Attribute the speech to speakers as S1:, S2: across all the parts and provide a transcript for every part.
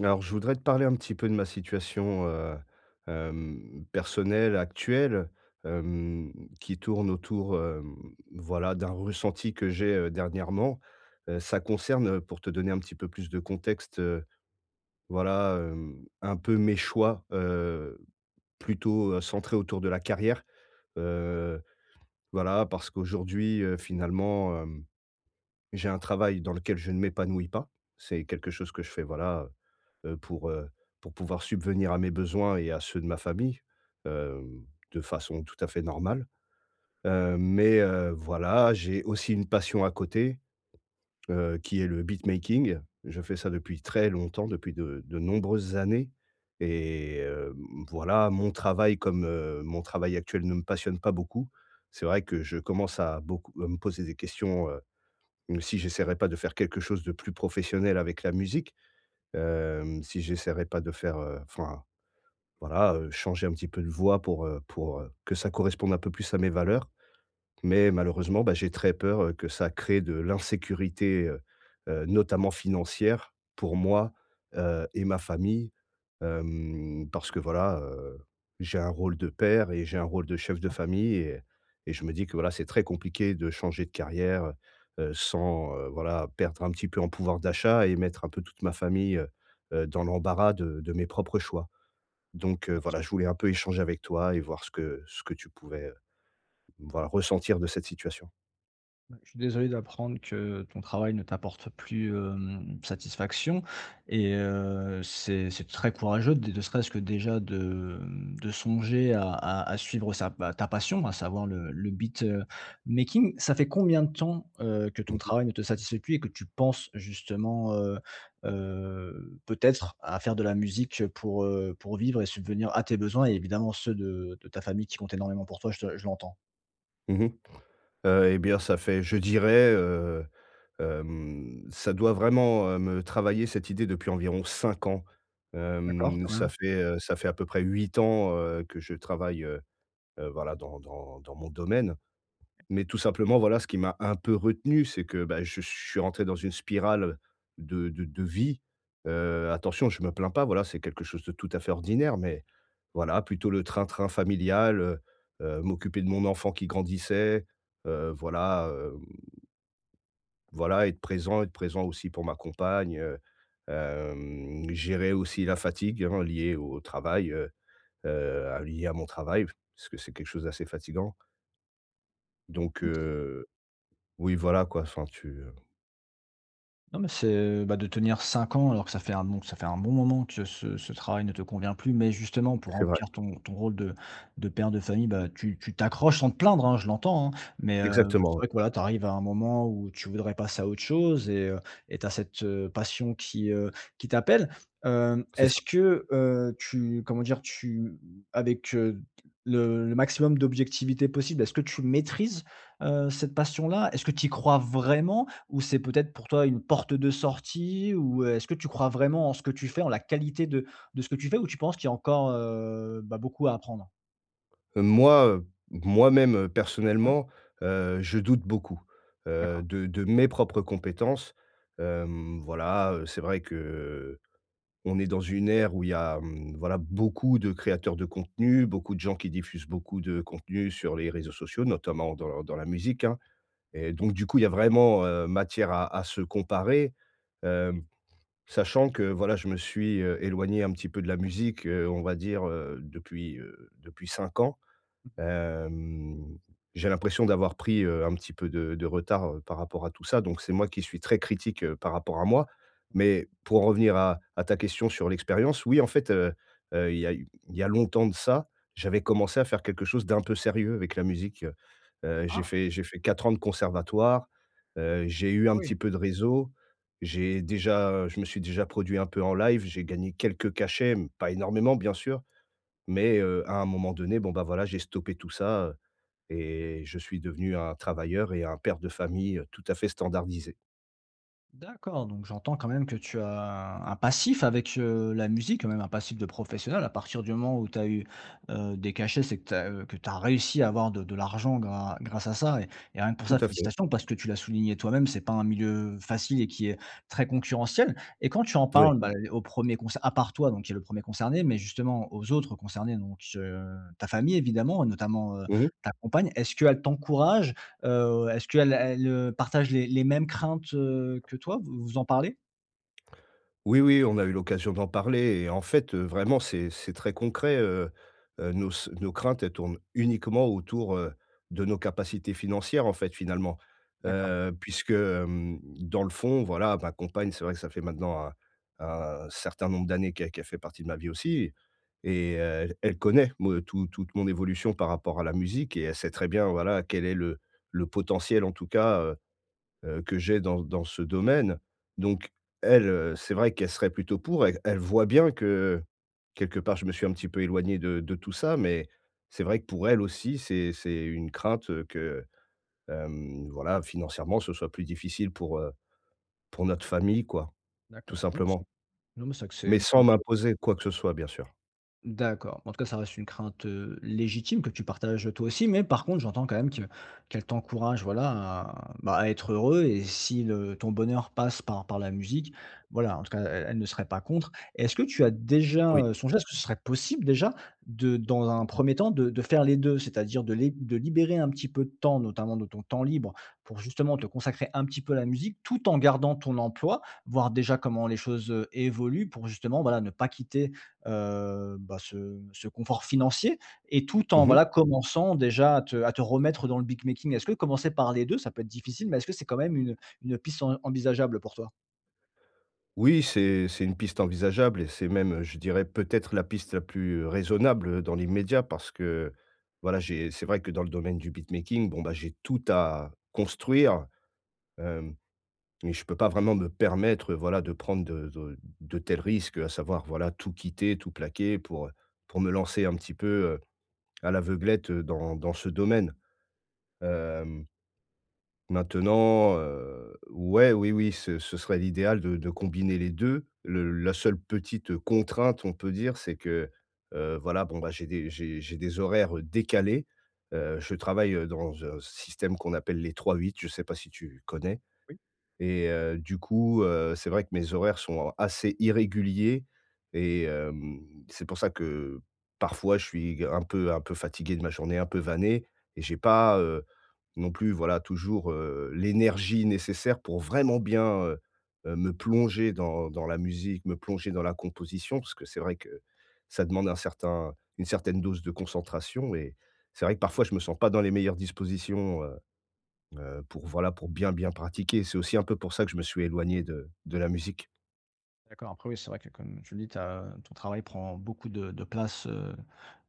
S1: Alors, je voudrais te parler un petit peu de ma situation, heu, hem, personnelle actuelle, hem, qui tourne autour, hem, voilà, d'un ressenti que j'ai, heu, dernièrement. Heu, ça concerne, heu, pour te donner un petit peu plus de contexte, heu, voilà, hem, un peu mes choix, heu, plutôt, heu, centrés autour de la carrière. Heu, voilà parce qu'aujourd'hui, heu, finalement, hem, j'ai un travail dans lequel je ne m'épanouis pas. C'est quelque chose que je fais, voilà, heu heu, pour, heu, pour pouvoir subvenir à mes besoins et à ceux de ma famille, hem, de façon tout à fait normale, heu, mais, heu, voilà, j'ai aussi une passion à côté, heu, qui est le beatmaking. Je fais ça depuis très longtemps, depuis de de nombreuses années et hem, voilà, mon travail comme, heu, mon travail actuel ne me passionne pas beaucoup, c'est vrai que je commence à beaucoup à me poser des questions, heu, hem, si j'essaierais pas de faire quelque chose de plus professionnel avec la musique, hem, si j'essaierais pas de faire, heu, enfin, voilà, heu, changer un petit peu de voie pour, heu pour, heu, que ça corresponde un peu plus à mes valeurs. Mais malheureusement, bah, j'ai très peur, heu, que ça crée de l'insécurité, heu heu, notamment financière, pour moi, heu et ma famille, hem, parce que voilà, heu, j'ai un rôle de père et j'ai un rôle de chef de
S2: [unintelligible]
S1: famille et et je me dis que, voilà, c'est très compliqué de changer de carrière, heu heu, sans, heu, voilà, perdre un petit peu en pouvoir d'achat et mettre un peu toute ma famille, heu heu, dans l'embarras de de mes propres choix donc heu,
S2: Bien sûr.
S1: voilà, je voulais un peu échanger avec toi et voir ce que ce que tu pouvais, heu, voilà, ressentir de cette situation.
S2: Bah, je suis désolé d'apprendre que ton travail ne t'apporte plus, hem, satisfaction et heu, c'est c'est très courageux de, ne serait-ce que déjà, de, hem, de songer à à à suivre sa bah, ta passion à savoir le le beatmaking. Ça fait combien de temps, heu, que
S1: Mmh
S2: ton
S1: mh.
S2: travail ne te satisfait plus et que tu penses justement, heu heu, peut-être à faire de la musique pour, heu, pour vivre et subvenir à tes besoins et évidemment ceux de de ta famille qui compte énormément pour toi, je te je l'entends?
S1: Mmh mh. Heu et bien ça fait, je dirais, heu, hem, ça doit vraiment, heu, me travailler cette idée depuis environ 5 ans.
S2: D'accord,
S1: Hem,
S2: quand
S1: ça
S2: même.
S1: fait, heu, ça fait à peu près 8 ans, heu, que je travaille, heu, voilà, dans dans dans mon domaine. Mais tout simplement, voilà, ce qui m'a un peu retenu, c'est que, bah, je suis rentré dans une spirale de de de vie. Heu, attention, je me plains pas, voilà, c'est quelque chose de tout à fait ordinaire. Mais voilà, plutôt le train-train familial, heu, heu, m'occuper de mon enfant qui grandissait, heu, voilà, hem voilà être présent être présent aussi pour ma compagne, heu, hem, gérer aussi la fatigue, hein, liée au travail, heu heu, lié à mon travail. Parce que c'est quelque chose d'assez fatigant. Donc
S2: [unintelligible]
S1: heu, oui voilà quoi, enfin tu, heu
S2: Non, mais c'est, heu, bah, de tenir 5 ans, alors que ça fait un bon ça fait un bon moment que ce ce ce travail ne te convient plus. Mais justement, pour
S1: C'est vrai.
S2: remplir ton ton rôle de de père de famille, bah tu tu t'accroches sans te plaindre, hein, je l'entends, hein mais heu,
S1: Exactement,
S2: c'est vrai
S1: ouais.
S2: que, voilà, tu arrives à un moment où tu voudrais passer à autre chose et heu et tu as cette passion qui, heu, qui t'appelle. Hem,
S1: C'est ça.
S2: est-ce que, heu, tu comment dire? Tu avec le le maximum d'objectivité possible, est-ce que tu maîtrises, heu, cette passion-là? Est-ce que tu y crois vraiment? Ou c'est, peut-être, pour toi une porte de sortie ou est-ce que tu crois vraiment en ce que tu fais, en la qualité de de ce que tu fais ou tu penses qu'il y a encore, heu bah, beaucoup à apprendre?
S1: Heu, moi, heu, moi-même, heu,
S2: Ouais.
S1: personnellement, heu, je doute beaucoup, heu,
S2: D'accord.
S1: de de mes propres compétences. Hem, voilà, heu, c'est vrai qu'on est dans une ère où il y a, mmh, voilà, beaucoup de créateurs de contenus, beaucoup de gens qui diffusent beaucoup de contenus sur les réseaux sociaux, notamment dans dans la musique, hein et donc du coup, il y a vraiment, heu, matière à à se comparer, hem, sachant que, voilà, je me suis, heu, éloigné un petit peu de la musique, heu, on va dire depuis, heu, depuis 5 ans.
S2: Mmh.
S1: Hem, j'ai l'impression d'avoir pris, heu, un petit peu de de retard par rapport à tout ça, donc c'est moi qui suis très critique par rapport à moi
S2: Ouais.
S1: mais pour en revenir à à ta question sur l'expérience, oui, en fait, heu heu, il y a heu, il y a longtemps de ça, j'avais commencé à faire quelque chose d'un peu sérieux avec la musique. Heu, j'ai
S2: Ah!
S1: fait j'ai fait 4 ans de conservatoire, heu, j'ai eu
S2: Ah
S1: un
S2: oui!
S1: petit peu de réseau, j'ai déjà je me suis déjà produit un peu en live, j'ai gagné quelques cachets mais pas énormément bien sûr mais heu, à un moment donné, bon ben, voilà, j'ai stoppé tout ça, heu et je suis devenu un travailleur et un père de famille, tout à fait standardisé.
S2: D'accord, donc j'entends quand même que tu as un passif avec, heu, la musique, quand même un passif de professionnel à partir du moment où tu as eu, heu, des cachets. C'est que tu as, heu, que tu as réussi à avoir de de l'argent gra grâce à ça et et rien que pour
S1: Tout
S2: ça
S1: à fait.
S2: félicitations, parce que, tu l'as souligné toi-même, c'est pas un milieu facile et qui est très concurrentiel et quand tu en
S1: Moui.
S2: parles bah au 1er concer à part toi donc qui est le 1er concerné mais justement aux autres concernés donc heu, ta famille évidemment, notamment, heu,
S1: Mmh mh.
S2: ta compagne. Est-ce qu'elle t'encourage? Heu, est-ce qu'elle elle, heu, partage les les mêmes craintes, heu, que toi? Vous vous en parlez?
S1: Oui, oui, on a eu l'occasion d'en parler et en fait, heu, vraiment c'est c'est très concret, heu heu, nos s nos craintes elles tournent uniquement autour, heu, de nos capacités financières, en fait, finalement.
S2: D'accord.
S1: Heu, puisque, hem, dans le fond voilà ma compagne c'est vrai que ça fait maintenant un un certain nombre d'années qu'elle qu'elle fait partie de ma vie aussi et et heu, elle connaît me tou toute mon évolution par rapport à la musique et elle sait très bien, voilà, quel est le le potentiel, en tout cas, heu heu, que j'ai dans dans ce domaine, donc elle, heu, c'est vrai qu'elle serait plutôt pour. E elle voit bien que, quelque part, je me suis un petit peu éloigné de de tout ça, mais c'est vrai que pour elle aussi, c'est c'est une crainte que, hem, voilà, financièrement, ce soit plus difficile pour, heu, pour notre famille quoi, tout
S2: D'accord. Oui, mais c'est
S1: simplement,
S2: non mais c'est que c'est
S1: mais
S2: une
S1: sans
S2: crainte, heu
S1: m'imposer quoi que ce soit bien sûr.
S2: D'accord, bah, en tout cas ça reste une crainte, heu, légitime que tu partages toi aussi, mais par contre j'entends quand même que qu'elle t'encourage voilà à bah à être heureux et si le ton bonheur passe par par la musique, voilà, en tout cas, elle elle ne serait pas contre. Est-ce que tu as déjà,
S1: Oui.
S2: heu, songé est-ce que ce serait possible déjà de dans un 1er temps de de faire les 2? C'est-à-dire de léb de libérer un petit peu de temps notamment de ton temps libre pour justement te consacrer un petit peu à la musique tout en gardant ton emploi, voir déjà comment les choses, heu, évoluent pour justement voilà ne pas quitter, heu, bah ce ce confort financier et tout en,
S1: Mmh mh.
S2: voilà, commençant déjà à te à te remettre dans le beatmaking. Est-ce que commencer par les 2 ça peut être difficile mais est-ce que c'est quand même une, heu, une piste en envisageable pour toi?
S1: Oui, c'est c'est une piste envisageable et c'est même, heu, je dirais peut-être la piste la plus, heu, raisonnable dans l'immédiat parce que, voilà, j'ai c'est vrai que dans le domaine du beatmaking, bon bah, j'ai tout à construire. Hem, mais je peux pas vraiment me permettre, heu, voilà de prendre de de de tels risques, à savoir, voilà, tout quitter, tout plaquer pour, heu, pour me lancer un petit peu, heu, à l'aveuglette dans dans ce domaine. Hem maintenant, heu, ouais, oui, oui, ce ce serait l'idéal de de combiner les 2. Le la seule petite contrainte, on peut dire, c'est que, heu, voilà, bon bah, j'ai des j'ai j'ai des horaires décalés. Heu, je travaille dans un système qu'on appelle les trois-huit. Je sais pas si tu connais
S2: Oui.
S1: et heu, du coup, heu, c'est vrai que mes horaires sont assez irréguliers et hem, c'est pour ça que parfois je suis un peu un peu fatigué de ma journée un peu vanné et j'ai pas, heu, non plus, voilà, toujours, heu, l'énergie nécessaire pour vraiment bien, heu heu, me plonger dans dans la musique, me plonger dans la composition. Parce que c'est vrai que ça demande un certain une certaine dose de concentration et c'est vrai que parfois je me sens pas dans les meilleures dispositions, heu heu, pour voilà pour bien, bien pratiquer, c'est aussi un peu pour ça que je me suis éloigné de de la musique.
S2: D'accord, après oui, c'est vrai que comme tu me dis, tu as ton travail prend beaucoup de de place, heu,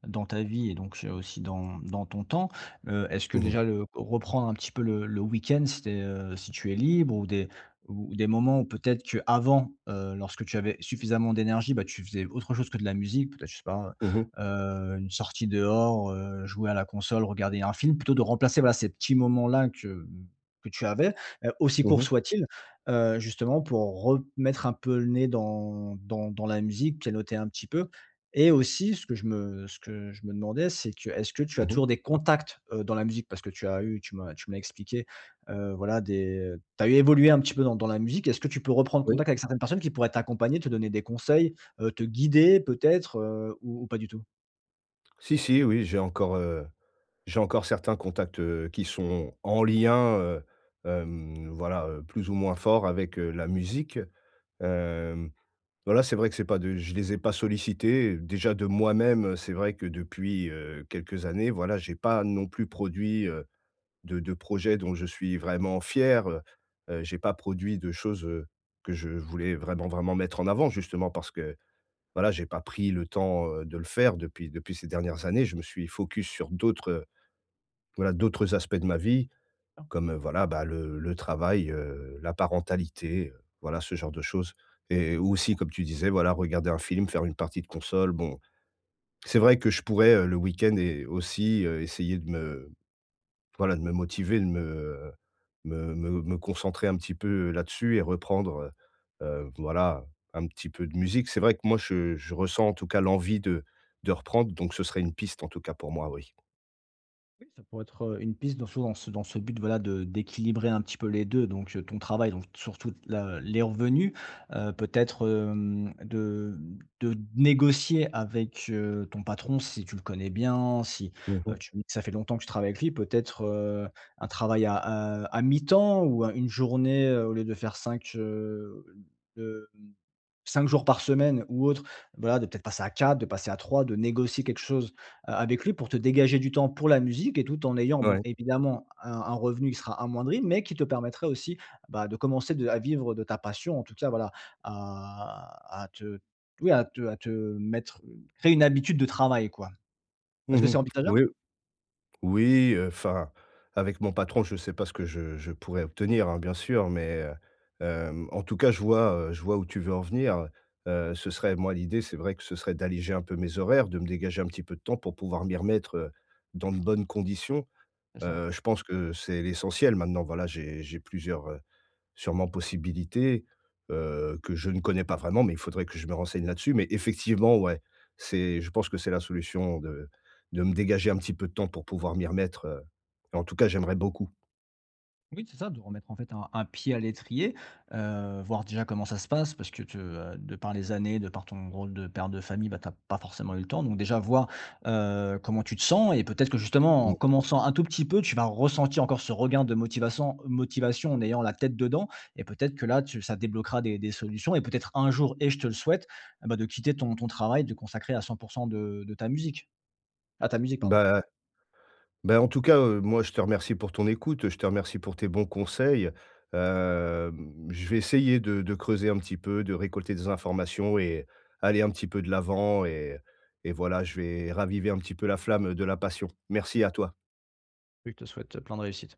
S2: dans ta vie et donc heu, aussi, dans dans ton temps. Heu, est-ce que
S1: Mmh mh.
S2: déjà le reprendre un petit peu le le week-end, si tu es, heu, si tu es libre ou des ou ou des moments où peut-être que avant, heu, lorsque tu avais suffisamment d'énergie, bah, tu faisais autre chose que de la musique, peut-être je sais pas,
S1: Mmh mh.
S2: heu heu, une sortie dehors, heu, jouer à la console, regarder un film plutôt de remplacer, voilà, ces petits moments-là que, mmh, que tu avais, heu, aussi
S1: Mmh
S2: courts
S1: mh.
S2: soient-ils, heu, justement, pour remettre un peu le nez dans dans dans la musique, pianoter un petit peu et aussi ce que je me ce que je me demandais, c'est que, est-ce que tu as
S1: Mmh mh.
S2: toujours des contacts, heu, dans la musique? Parce que tu as eu tu m'as tu m'as expliqué, heu, voilà des tu as, eu, évolué un petit peu dans dans la musique. Est-ce que tu peux reprendre
S1: Oui.
S2: contact avec certaines personnes qui pourraient t'accompagner, te donner des conseils, heu, te guider peut-être, heu, ou ou pas du tout?
S1: Si si oui, j'ai encore, heu, j'ai encore certains contacts, heu, qui sont en lien, heu, hem, voilà, heu, plus ou moins fort avec, heu, la musique. Hem, voilà, c'est vrai que c'est pas de je les ai pas sollicités et déjà de moi-même, heu, c'est vrai que depuis, heu, quelques années, voilà, j'ai pas non plus produit, heu, de de projets dont je suis vraiment fier. Heu heu j'ai pas produit de choses, heu, que je voulais vraiment, vraiment mettre en avant justement parce que voilà, j'ai pas pris le temps, heu, de le faire depuis depuis ces dernières années. Je me suis focus sur d'autres, heu, voilà d'autres aspects de ma vie,
S2: Ah.
S1: comme, heu, voilà, bah, le le travail, heu, la parentalité, heu, voilà ce genre de choses. Et ou aussi,
S2: D'accord.
S1: comme tu disais, voilà regarder un film, faire une partie de console. Bon, c'est vrai que je pourrais, heu, le week-end et aussi, heu, essayer de me voilà, de me motiver, de me, heu, me me me concentrer un petit peu, heu, là-dessus et reprendre, heu heu, voilà, un petit peu de musique. C'est vrai que moi, je je ressens en tout cas l'envie de de reprendre, donc ce serait une piste en tout cas pour moi, oui.
S2: Oui, ça pourrait être, heu, une piste dans sous en dans c dans ce but, voilà, de d'équilibrer un petit peu les 2 donc heu, ton travail, donc surtout, la les revenus. Heu, peut-être, hem, de de négocier avec, heu, ton patron si tu le connais bien, si,
S1: Mmh
S2: heu,
S1: mh.
S2: tu me dis que ça fait longtemps que tu travailles avec lui, peut-être, heu, un travail à, heu, à mi-temps ou heu, une journée au lieu de faire 5, heu, hem, 5 jours par semaine ou autre, voilà de peut-être passer à 4, de passer à 3, de négocier quelque chose, heu, avec lui pour te dégager du temps pour la musique et tout en ayant, bon,
S1: Ouais.
S2: évidemment un un revenu qui sera amoindri mais qui te permettrait aussi, bah, de commencer de à vivre de ta passion en tout cas, voilà, à à te oui à te à te mettre une créer une habitude de travail quoi.
S1: Mmh
S2: Est-ce que c'est
S1: mh, oui
S2: envisageable?
S1: oui, heu, enfin avec mon patron, je sais pas ce que je je pourrais obtenir, hein, bien sûr, mais, heu, hem en tout cas je vois, heu, je vois où tu veux en venir, heu. Heu, ce serait moi l'idée, c'est vrai que ce serait d'alléger un peu mes horaires, de me dégager un petit peu de temps pour pouvoir m'y remettre, heu, dans de bonnes conditions.
S2: C'est ça!
S1: Heu, je pense que c'est l'essentiel maintenant, voilà, j'ai j'ai plusieurs, heu, sûrement possibilités, heu, que je ne connais pas vraiment mais il faudrait que je me renseigne là-dessus, mais effectivement, ouais, c'est je pense que c'est la solution de de me dégager un petit peu de temps pour pouvoir m'y remettre, heu et en tout cas j'aimerais beaucoup.
S2: Oui, c'est ça de remettre, en fait un un pied à l'étrier, heu, voir déjà comment ça se passe? Parce que te, heu, de par les années, de par ton rôle de père de famille, bah, tu as pas forcément eu le temps, donc déjà voir, heu, comment tu te sens, et peut-être que justement en
S1: Mmh.
S2: commençant un tout petit peu, tu vas ressentir encore ce regain de motivation motivation en ayant la tête dedans, et peut-être que là, tu ça débloquera des des solutions et peut-être un jour et je te le souhaite, eh ben, de quitter ton ton travail de consacrer à 100 % de de ta musique à ta musique pardon.
S1: Bah à ben en tout cas, heu, moi je te remercie pour ton écoute, heu, je te remercie pour tes bons conseils. Hem, je vais essayer de de creuser un petit peu, de récolter des informations et aller un petit peu de l'avant et et voilà, je vais raviver un petit peu la flamme, heu, de la passion. Merci à toi!
S2: Je te souhaite, heu, plein de réussite!